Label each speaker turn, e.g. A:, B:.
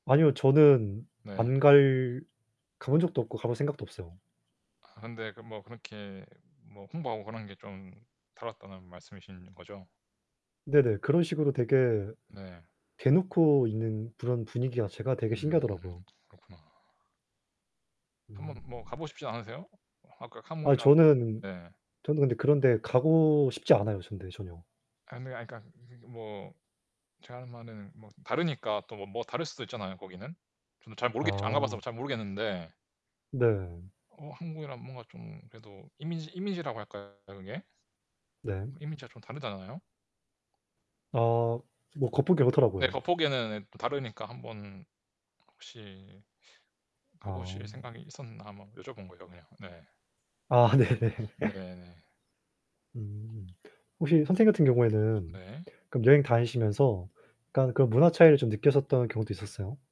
A: 아니요, 저는
B: 네.
A: 안 갈 가 본 적도 없고 가 볼 생각도 없어요.
B: 아 근데 그 뭐 그렇게 뭐 홍보하고 그런 게 좀 다뤘다는 말씀이신거죠?
A: 네네. 그런 식으로 되게
B: 네.
A: 대놓고 있는 그런 분위기가 제가 되게
B: 음,
A: 신기하더라구요.
B: 그렇구나.
A: 음.
B: 한번 뭐 가 보고 싶지 않으세요? 아까
A: 아
B: 카몽이랑
A: 저는,
B: 네.
A: 저는 근데 그런 데 가고 싶지 않아요 근데 전혀.
B: 아니 아 그러니까 뭐 제가 하는 말은 뭐 다르니까 또 뭐 다를 수도 있잖아요 거기는. 저도 잘 모르겠죠. 안 가 봐서
A: 아.
B: 잘 모르겠는데.
A: 네.
B: 어 한국이랑 뭔가 좀 그래도 이미지 이미지라고 할까요? 그게?
A: 네.
B: 이미지가 좀 다르지 않나요?
A: 어 뭐 겉보기
B: 네,
A: 그렇더라고요.
B: 겉보기는 다르니까 한번 혹시 가
A: 아.
B: 보실 생각이 있었나 한번 여쭤본 거예요 그냥. 네.
A: 아 네네.
B: 네, 네.
A: 음 혹시 선생님 같은 경우에는
B: 네.
A: 그럼 여행 다니시면서 약간 그 문화 차이를 좀 느꼈었던 경우도 있었어요?